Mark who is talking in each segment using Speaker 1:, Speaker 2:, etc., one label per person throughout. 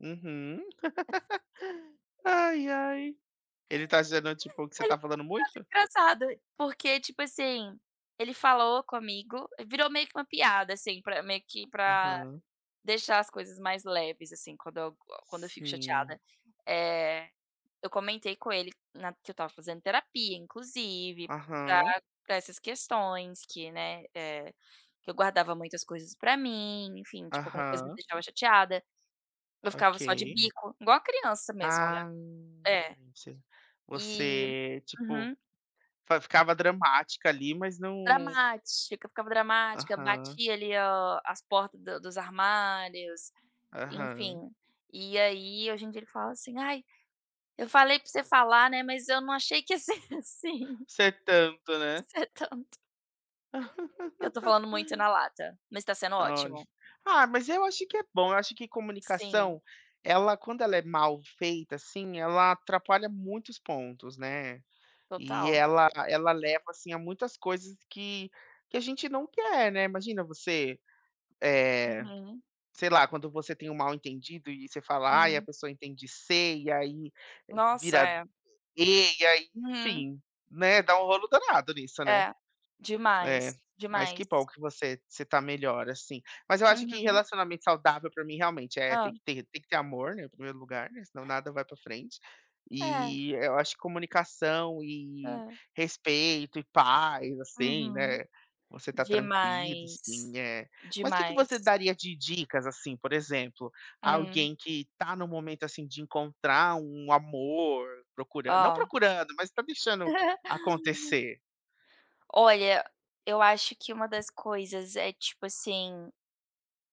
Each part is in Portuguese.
Speaker 1: Uhum.
Speaker 2: [unintelligible]
Speaker 1: Ai, ai. Ele tá dizendo, tipo, que você
Speaker 2: Ele me
Speaker 1: tá falando
Speaker 2: achava
Speaker 1: muito?
Speaker 2: engraçada. Porque, tipo assim, ele falou comigo, virou meio que uma piada, assim, pra meio que para
Speaker 1: Aham.
Speaker 2: deixar as coisas mais leves, assim. Quando eu quando eu fico
Speaker 1: Sim.
Speaker 2: chateada, eh, eu comentei com ele na que eu estava fazendo terapia, inclusive, pra
Speaker 1: Aham.
Speaker 2: pra essas questões que, né, eh, que eu guardava muitas coisas para mim, enfim. Tipo, alguma coisa me
Speaker 1: Aham.
Speaker 2: deixava chateada, eu ficava só de
Speaker 1: Ok.
Speaker 2: bico, igual a criança mesmo, né.
Speaker 1: Ah,
Speaker 2: É.
Speaker 1: você
Speaker 2: E
Speaker 1: você, tipo,
Speaker 2: uhum.
Speaker 1: só ficava dramática ali, mas não
Speaker 2: Dramática, eu ficava dramática,
Speaker 1: Aham.
Speaker 2: batia ali o as porta do dos armários,
Speaker 1: Aham.
Speaker 2: enfim. E aí hoje em dia ele fala assim: "Ai, eu falei para você falar, né, mas eu não achei que ia ser assim."
Speaker 1: Ser tanto, né.
Speaker 2: Ser tanto. Que eu tô falando muito na lata, mas tá sendo
Speaker 1: Olha,
Speaker 2: ótimo.
Speaker 1: ah, mas eu acho que é bom, eu acho que
Speaker 2: Sim.
Speaker 1: comunicação, ela quando ela é mal feita, assim, ela atrapalha muitos pontos, né. E
Speaker 2: Total.
Speaker 1: ela ela leva, assim, a muitas coisas que que a gente não quer, né. Imagina você, eh,
Speaker 2: Uhum.
Speaker 1: sei lá, quando você tem um mal entendido e você fala: "Ai, a
Speaker 2: Hum.
Speaker 1: pessoa entende "C" e aí
Speaker 2: Nossa,
Speaker 1: vira
Speaker 2: é.
Speaker 1: "E" e aí"
Speaker 2: Uhum.
Speaker 1: Enfim, né, dá um rolo danado nisso, né.
Speaker 2: É,
Speaker 1: É,
Speaker 2: demais,
Speaker 1: mas que
Speaker 2: demais.
Speaker 1: bom que você você tá melhor, assim. Mas eu acho que
Speaker 2: Uhum.
Speaker 1: relacionamento saudável, para mim, realmente, eh, tem
Speaker 2: Hã.
Speaker 1: que ter tem que ter amor, né, primeiro lugar, né, senão nada vai para a frente.
Speaker 2: É.
Speaker 1: E, eh, eu acho que comunicação e
Speaker 2: É.
Speaker 1: respeito e paz, assim,
Speaker 2: Uhum.
Speaker 1: né. Você tá tranquilo,
Speaker 2: Demais.
Speaker 1: assim, eh, mas que que você
Speaker 2: Demais.
Speaker 1: daria de dicas, assim, por exemplo,
Speaker 2: Hum.
Speaker 1: alguém que tá no momento, assim, de encontrar um amor, procuran não
Speaker 2: Hã.
Speaker 1: procurando, mas tá deixando acontecer.
Speaker 2: Olha, eu acho que uma das coisas é, tipo assim,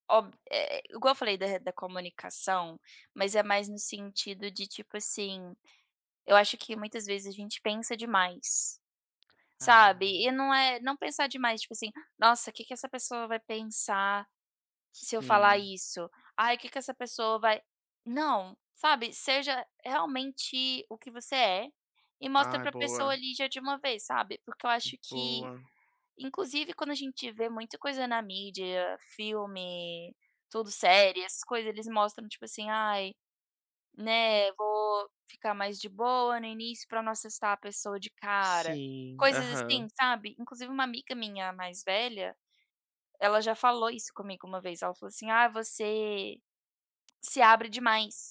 Speaker 2: ob eh, igual eu falei da da comunicação, mas é mais no sentido de, tipo assim, eu acho que muitas vezes a gente pensa demais, sabe? E
Speaker 1: Ah.
Speaker 2: não é não pensar demais, tipo assim: "Nossa, que que essa pessoa vai pensar se eu falar
Speaker 1: Sim.
Speaker 2: isso? Ai que que essa pessoa vai" Não, sabe, seja realmente o que você é, e mostra
Speaker 1: Ah,
Speaker 2: para pessoa
Speaker 1: boa.
Speaker 2: ali já de uma vez, sabe. Porque eu acho que,
Speaker 1: Boa.
Speaker 2: inclusive, quando a gente vê muita coisa na mídia, filme, tudo, série, essas coisas, eles mostram, tipo assim: "Ai, né, vou ficar mais de boa no início pra não assustar a pessoa de cara."
Speaker 1: Sim,
Speaker 2: Coisas assim,
Speaker 1: aham.
Speaker 2: sabe, inclusive uma amiga minha mais velha, ela já falou isso comigo uma vez, ela falou assim: "Ai, você se abre demais."